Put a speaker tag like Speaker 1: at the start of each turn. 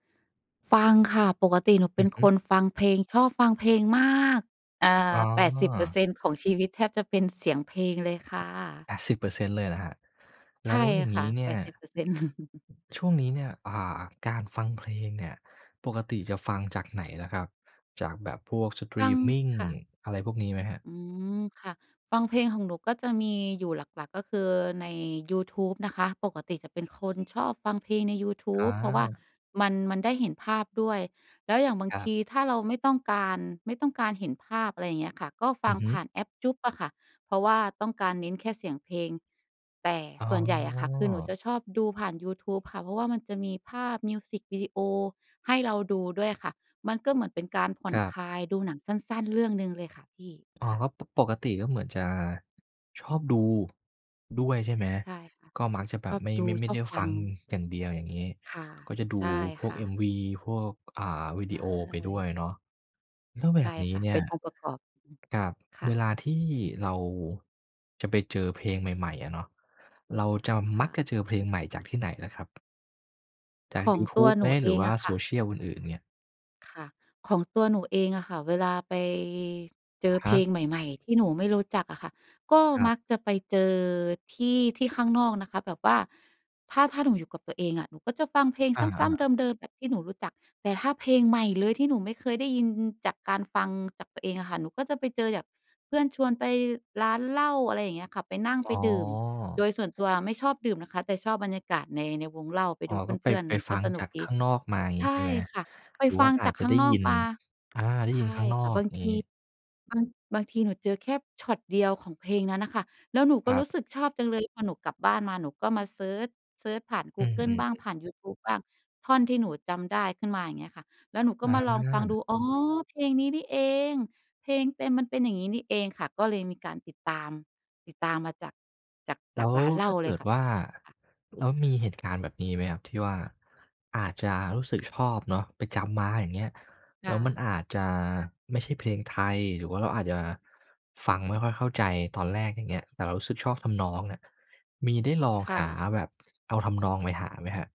Speaker 1: ฟังค่ะ ปกติหนูเ
Speaker 2: อ
Speaker 1: ป
Speaker 2: ื
Speaker 1: ็น
Speaker 2: อฮึ
Speaker 1: คนฟังเพลง ชอบฟังเพลงมาก อ่
Speaker 2: อ
Speaker 1: า
Speaker 2: ๋
Speaker 1: แปดสิบเปอร์
Speaker 2: อ
Speaker 1: เซ็นต์ ของชีวิตแทบจะเป็นเสียงเพลงเลยค่ะ
Speaker 2: 80% เลยเหรอครับ?
Speaker 1: ใช
Speaker 2: แล
Speaker 1: ่
Speaker 2: ้วอย่าง
Speaker 1: ค
Speaker 2: น
Speaker 1: ่ะ
Speaker 2: ี้เน
Speaker 1: แป
Speaker 2: ี่ย
Speaker 1: ดสิบเปอร์เซ็นต์
Speaker 2: ช่วงนี้เนี่ย อ่า การฟังเพลงเนี่ยปกติจะฟังจากไหนล่ะครับ จากแบบพวกสต
Speaker 1: ฟ
Speaker 2: รี
Speaker 1: ัง
Speaker 2: มมิง
Speaker 1: ค่ะ
Speaker 2: อะไรพวกนี้ไหมครับ?
Speaker 1: อืม ค่ะ ฟังเพลงของหนูก็จะมีอยู่หลัก ๆ ก็คือ ในยูทูบนะคะ ปกติจะเป็นคนชอบฟังเพลงในยูทู
Speaker 2: อ
Speaker 1: บ เพราะว่า
Speaker 2: า
Speaker 1: มัน มันได้เห็นภาพด้วย แล้วอย่างบาง
Speaker 2: ครั
Speaker 1: ท
Speaker 2: บ
Speaker 1: ีถ้าเราไม่ต้องการ ไม่ต้องการเห็นภาพ อะไรอย่างเงี้ยค่ะ ก็ฟ
Speaker 2: อื
Speaker 1: ัง
Speaker 2: อฮึ
Speaker 1: ผ่านแอป JOOX อะค่ะ เพราะว่าต้องการเน้นแค่เสียงเพลง แต่
Speaker 2: อ๋
Speaker 1: ส่วนใหญ่อะค่ะ คือหนูจ
Speaker 2: อ
Speaker 1: ะชอบดูผ่านยูทูบค่ะ เพราะว่ามันจะมีภาพมิวสิควีดีโอ ให้เราดูด้วยค่ะ มันก็เหมือนเป็นการผ่อ
Speaker 2: ค
Speaker 1: น
Speaker 2: รับ
Speaker 1: คลาย ดูหนังสั้น ๆ เรื่องหนึ่งเลยค่ะพี่
Speaker 2: อ๋อ
Speaker 1: ค่ะ
Speaker 2: ก็ ป ปกติก็เหมือนจะชอบดูด้วยใช่ไหม?
Speaker 1: ใช่ค่ะ
Speaker 2: ก็มักจะแบ
Speaker 1: ช
Speaker 2: บ
Speaker 1: อบ
Speaker 2: ไม่
Speaker 1: ดู
Speaker 2: ไม่ ไม
Speaker 1: ช
Speaker 2: ่
Speaker 1: อ
Speaker 2: ได
Speaker 1: บ
Speaker 2: ้
Speaker 1: ฟ
Speaker 2: ฟ
Speaker 1: ั
Speaker 2: ั
Speaker 1: ง
Speaker 2: งอย่างเดียว อย่างนี้
Speaker 1: ค่ะ
Speaker 2: ก็จะดู
Speaker 1: ใช่
Speaker 2: พว
Speaker 1: ค
Speaker 2: ก
Speaker 1: ่
Speaker 2: เอ็ม-
Speaker 1: ะ
Speaker 2: วี พวก อ่า วิ
Speaker 1: ใ
Speaker 2: ดี
Speaker 1: ช
Speaker 2: โอไปด้ว
Speaker 1: ่
Speaker 2: ยเนาะ แล้วแ
Speaker 1: ใ
Speaker 2: บ
Speaker 1: ช่
Speaker 2: บนี้
Speaker 1: ค่ะ
Speaker 2: เนี
Speaker 1: เ
Speaker 2: ่
Speaker 1: ป็น
Speaker 2: ย
Speaker 1: องค์ประกอบ อืม
Speaker 2: กับ
Speaker 1: ค่
Speaker 2: เวล
Speaker 1: ะ
Speaker 2: าที่เราจะไปเจอเพลงใหม่ ๆ อะเนาะ เราจะ ม
Speaker 1: ค
Speaker 2: ั
Speaker 1: ่
Speaker 2: ก
Speaker 1: ะ
Speaker 2: จะเจอเพลงใหม่จากที่ไหนล่ะครับ? จา
Speaker 1: ข
Speaker 2: ก
Speaker 1: อ
Speaker 2: ย
Speaker 1: ง
Speaker 2: ูท
Speaker 1: ตั
Speaker 2: ู
Speaker 1: ว
Speaker 2: บ
Speaker 1: ห
Speaker 2: ไ
Speaker 1: น
Speaker 2: หม
Speaker 1: ูเ
Speaker 2: ห
Speaker 1: อ
Speaker 2: รือ
Speaker 1: ง
Speaker 2: ว่า
Speaker 1: อะค
Speaker 2: โซ
Speaker 1: ่ะ
Speaker 2: เชียลอื่น ๆ เนี่ย?
Speaker 1: ค่ะ ของตัวหนูเองอะค่ะ เวลาไปเจ
Speaker 2: อ
Speaker 1: อ
Speaker 2: ะฮ
Speaker 1: เพล
Speaker 2: ะ
Speaker 1: งใหม่ ๆ ที่หนูไม่รู้จักอะค่ะ ก็
Speaker 2: ครั
Speaker 1: ม
Speaker 2: บ
Speaker 1: ักจะไปเจอที่ ที่ข้างนอกนะคะ แบบว่า ถ้า ถ้าหนูอยู่กับตัวเองอะ หนูก็จะฟังเพลง
Speaker 2: อ
Speaker 1: ซ
Speaker 2: า
Speaker 1: ้ำ ๆ
Speaker 2: ๆ
Speaker 1: เดิม ๆ แบบที่หนูรู้จัก แต่ถ้าเพลงใหม่เลยที่หนูไม่เคยได้ยินจากการฟังจากตัวเองอะค่ะ หนูก็จะไปเจอจาก เพื่อนชวนไปร้านเหล้า อะไรอย่างเงี้ยค่ะ ไปนั่ง
Speaker 2: อ
Speaker 1: ไป
Speaker 2: ๋
Speaker 1: ดื่ม โด
Speaker 2: อ
Speaker 1: ยส่วนตัวไม่ชอบดื่มนะคะ แต่ชอบบรรยากาศใน ในวงเหล้า ไป
Speaker 2: อ๋อ
Speaker 1: ดู
Speaker 2: ก็ไ
Speaker 1: เ
Speaker 2: ป
Speaker 1: พื่อน
Speaker 2: ไป
Speaker 1: ๆ มัน
Speaker 2: ฟ
Speaker 1: ก
Speaker 2: ั
Speaker 1: ็
Speaker 2: ง
Speaker 1: สน
Speaker 2: จ
Speaker 1: ุ
Speaker 2: า
Speaker 1: ก
Speaker 2: ก
Speaker 1: ด
Speaker 2: ข
Speaker 1: ี
Speaker 2: ้างนอกมางี
Speaker 1: ใ
Speaker 2: ้
Speaker 1: ช
Speaker 2: ใช่
Speaker 1: ่
Speaker 2: ไหม?
Speaker 1: ค่ะ ไป
Speaker 2: หรือ
Speaker 1: ฟ
Speaker 2: ว่
Speaker 1: ั
Speaker 2: า
Speaker 1: ง
Speaker 2: อา
Speaker 1: จา
Speaker 2: จ
Speaker 1: ก
Speaker 2: จะ
Speaker 1: ข้
Speaker 2: ไ
Speaker 1: า
Speaker 2: ด้
Speaker 1: งนอ
Speaker 2: ย
Speaker 1: ก
Speaker 2: ิน
Speaker 1: มา
Speaker 2: อา ได้
Speaker 1: ใช
Speaker 2: ยิน
Speaker 1: ่
Speaker 2: ข้างนอ
Speaker 1: ค่ะ
Speaker 2: ก
Speaker 1: บางท
Speaker 2: งี
Speaker 1: ี
Speaker 2: ้
Speaker 1: บาง บางทีหนูเจอแค่ช็อตเดียวของเพลงนั้นน่ะค่ะ แล้วหนูก็
Speaker 2: คร
Speaker 1: ร
Speaker 2: ั
Speaker 1: ู้
Speaker 2: บ
Speaker 1: สึกชอบจังเลย พอหนูกลับบ้านมาหนูก็มาเซิร์ช เซิร์ชผ่านก
Speaker 2: อ
Speaker 1: ู
Speaker 2: ื
Speaker 1: เกิล
Speaker 2: อ
Speaker 1: บ้าง
Speaker 2: ๆ ๆ
Speaker 1: ผ่านยูทูบบ้าง ท่อนที่หนูจำได้ขึ้นมา อย่างเงี้ยค่ะ แล้วหนูก็
Speaker 2: อ
Speaker 1: มาลอง
Speaker 2: า
Speaker 1: ฟังดู อ๋อ เพลงนี้นี่เอง เพลงเต็มมันเป็นอย่างงี้นี่เองค่ะ ก็เลยมีการติดตาม ติดตามมาจาก จาก
Speaker 2: แล
Speaker 1: จ
Speaker 2: ้
Speaker 1: าก
Speaker 2: ว
Speaker 1: ร้านเหล
Speaker 2: ถ
Speaker 1: ้า
Speaker 2: ้าเ
Speaker 1: เ
Speaker 2: ก
Speaker 1: ล
Speaker 2: ิ
Speaker 1: ย
Speaker 2: ด
Speaker 1: ค่ะ
Speaker 2: ว่า
Speaker 1: ค่ะ
Speaker 2: แล้วมีเหตุการณ์แบบนี้ไหมครับที่ว่า อาจจะรู้สึกชอบเนาะ ไปจำมาอย่างเงี้ย
Speaker 1: ค
Speaker 2: แล้
Speaker 1: ่
Speaker 2: วมั
Speaker 1: ะ
Speaker 2: นอาจจะไม่ใช่เพลงไทย หรือว่าเราอาจจะฟังไม่ค่อยเข้าใจตอนแรกอย่างเงี้ย แต่เรารู้สึกชอบทำนองอะ มีได้ลอง
Speaker 1: ค่
Speaker 2: หา
Speaker 1: ะ
Speaker 2: แบบเอาทำนองไปหาไหมครับ?